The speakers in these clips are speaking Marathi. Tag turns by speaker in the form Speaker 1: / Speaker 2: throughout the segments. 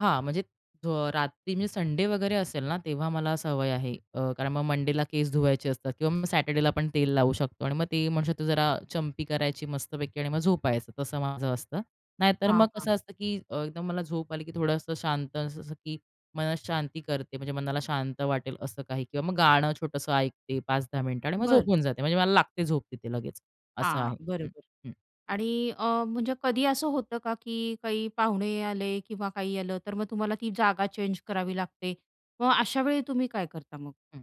Speaker 1: हां, म्हणजे अ, रात्री म्हणजे संडे वगैरे असेल ना, तेव्हा मला सवय आहे अ, कारण मग मंडेला केस धुवायचे असतात किंवा मग सॅटर्डेला पण तेल लावू शकतो आणि मग ते म्हणतो, जरा चंपी करायची मस्तपैकी आणि मग झोपायचं, तसं माझं असतं. नाहीतर
Speaker 2: हां,
Speaker 1: मग
Speaker 2: हां.
Speaker 1: कसं असतं, की अ, एकदम मला झोप आली, की थोडंसं शांत अस-अस, की मन शांती करते, म्हणजे मनाला शांत वाटेल असं काही किंवा मग गाणं छोटंसं ऐकते 5-10 मिनिटं आणि मग
Speaker 2: बर.
Speaker 1: झोपून जाते म्हणजे मला लागते झोप तिथे लगेच असं
Speaker 2: हां.
Speaker 1: आहे. हं,
Speaker 2: बरोबर
Speaker 1: हं.
Speaker 2: आणि अ, म्हणजे कधी असं होतं का, की काही पाहुणे आले किंवा काही आलं, तर मग तुम्हाला ती जागा चेंज करावी लागते. मग अशावेळी तुम्ही काय करता मग?
Speaker 1: हं,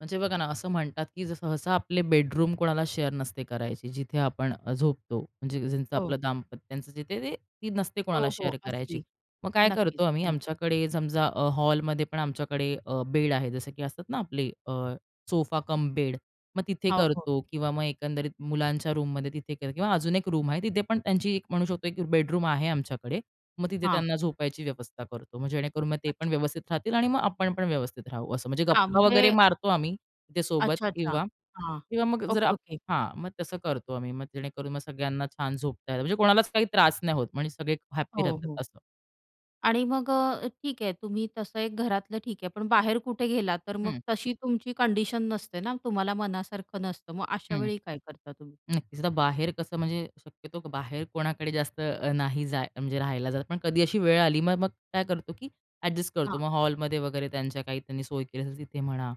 Speaker 1: म्हणजे बघा ना, असं म्हणतात, की सहसा आपले बेडरूम कोणाला शेअर नसते करायची, जिथे आपण अ, झोपतो. म्हणजे ज्यांचं
Speaker 2: हो.
Speaker 1: आपलं दाम्पत्यच, जिथे ती नसते
Speaker 2: हो,
Speaker 1: कोणाला
Speaker 2: हो,
Speaker 1: शेअर करायची.
Speaker 2: असती.
Speaker 1: मग काय
Speaker 2: नक्कीच.
Speaker 1: करतो आम्ही,
Speaker 2: हं.
Speaker 1: आमच्याकडे समजा अ, हॉलमध्ये पण आमच्याकडे अ, बेड आहे. जसं, की असतात ना आपले अ, सोफा कम बेड, मग तिथे
Speaker 2: हो, हो.
Speaker 1: करतो किंवा मग एकंदरीत मुलांच्या रूममध्ये तिथे कर किंवा अजून एक रूम आहे, तिथे पण त्यांची एक म्हणू शकतो, की बेडरूम आहे आमच्याकडे. मग तिथे
Speaker 2: हां.
Speaker 1: त्यांना झोपायची व्यवस्था करतो. मग जेणेकरून मग ते पण
Speaker 2: अच्छा.
Speaker 1: व्यवस्थित राहतील आणि मग आपण पण व्यवस्थित राहू. असं म्हणजे
Speaker 2: हां.
Speaker 1: गप्पा वगैरे
Speaker 2: म्हणजे
Speaker 1: मारतो आम्ही. इथे सोबत
Speaker 2: अच्छा, अच्छा.
Speaker 1: किंवा,
Speaker 2: हां.
Speaker 1: किंवा मग जर
Speaker 2: ओके, ओके.
Speaker 1: हां, मग तसं करतो आम्ही. मग जेणेकरून मग सगळ्यांना छान झोपता येतं म्हणजे कोणालाच काही त्रास नाही होत. म्हणजे सगळे हॅपी
Speaker 2: हो,
Speaker 1: राहतात
Speaker 2: हो.
Speaker 1: असं.
Speaker 2: आणि मग अ, ठीक आहे तुम्ही तसं एक घरातलं ठीक आहे, पण बाहेर कुठे गेलात, तर मग
Speaker 1: हं.
Speaker 2: तशी तुमची कंडिशन नसते ना, तुम्हाला मनासारखं नसतं. मग
Speaker 1: हं.
Speaker 2: अशावेळी काय करता तुम्ही?
Speaker 1: नक्कीच, तर बाहेर कसं, म्हणजे शक्यतो बाहेर कोणाकडे जास्त अ, नाही जाय म्हणजे राहायला जात, पण कधी अशी वेळ आली, मग मग काय करतो, की अ‍ॅडजस्ट करतो
Speaker 2: हां.
Speaker 1: मग हॉलमध्ये वगैरे, त्यांच्या काही त्यांनी सोय केली असेल तिथे म्हणा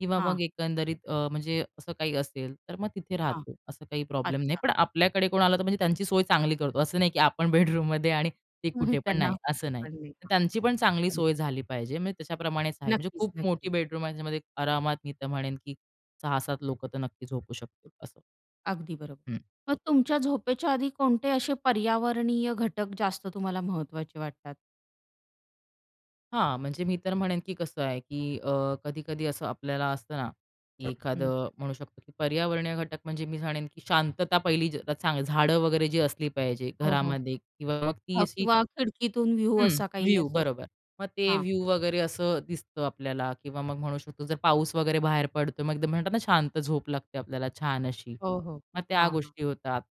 Speaker 1: किंवा मग
Speaker 2: हां.
Speaker 1: एकंदरीत अ, म्हणजे असं काही असेल, तर मग तिथे
Speaker 2: हां.
Speaker 1: राहतो. असं काही प्रॉब्लेम नाही,
Speaker 2: अच्छा.
Speaker 1: पण आपल्याकडे कोण आलं, तर म्हणजे त्यांची सोय चांगली करतो. असं नाही की आपण बेडरूममध्ये आणि ती कुठे
Speaker 2: [unintelligible]
Speaker 1: पण
Speaker 2: त्यांना
Speaker 1: नाही असं नाही. त्यांची पण चांगली
Speaker 2: [unintelligible]
Speaker 1: सोय झाली पाहिजे, म्हणजे त्याच्याप्रमाणेच आहे. म्हणजे
Speaker 2: नक्कीच,
Speaker 1: खूप मोठी
Speaker 2: नक्कीच.
Speaker 1: बेडरूम आहे. त्याच्यामध्ये आरामात मी तर म्हणेन, की 6-7 लोकं तर नक्की झोपू शकतील असं.
Speaker 2: अगदी बरोबर.
Speaker 1: हं.
Speaker 2: मग तुमच्या झोपेच्या आधी कोणते असे पर्यावरणीय घटक जास्त तुम्हाला महत्वाचे वाटतात?
Speaker 1: हां, म्हणजे मी तर म्हणेन, की कसं आहे की अ, कधी-कधी असं आपल्याला असतं ना, की
Speaker 2: हं.
Speaker 1: एखादं म्हणू शकतो, की पर्यावरणीय घटक म्हणजे मी म्हणेन, की शांतता पहिली ज चांगली झाडं वगैरे जी असली पाहिजे
Speaker 2: हो, हो.
Speaker 1: घरामध्ये किंवा मग ती
Speaker 2: हो
Speaker 1: अशी
Speaker 2: किंवा खिडकीतून व्ह्यू
Speaker 1: हं,
Speaker 2: असा काही,
Speaker 1: व्ह्यू
Speaker 2: असं.
Speaker 1: बरोबर. मग ते
Speaker 2: हां.
Speaker 1: व्ह्यू वगैरे असं दिसतं आपल्याला किंवा मग म्हणू शकतो, जर पाऊस वगैरे बाहेर पडतोय, मग एकदम म्हणतात ना, शांत झोप लागते आपल्याला छान अशी.
Speaker 2: हो, हो.
Speaker 1: मग त्या
Speaker 2: हां, हां.
Speaker 1: गोष्टी होतात.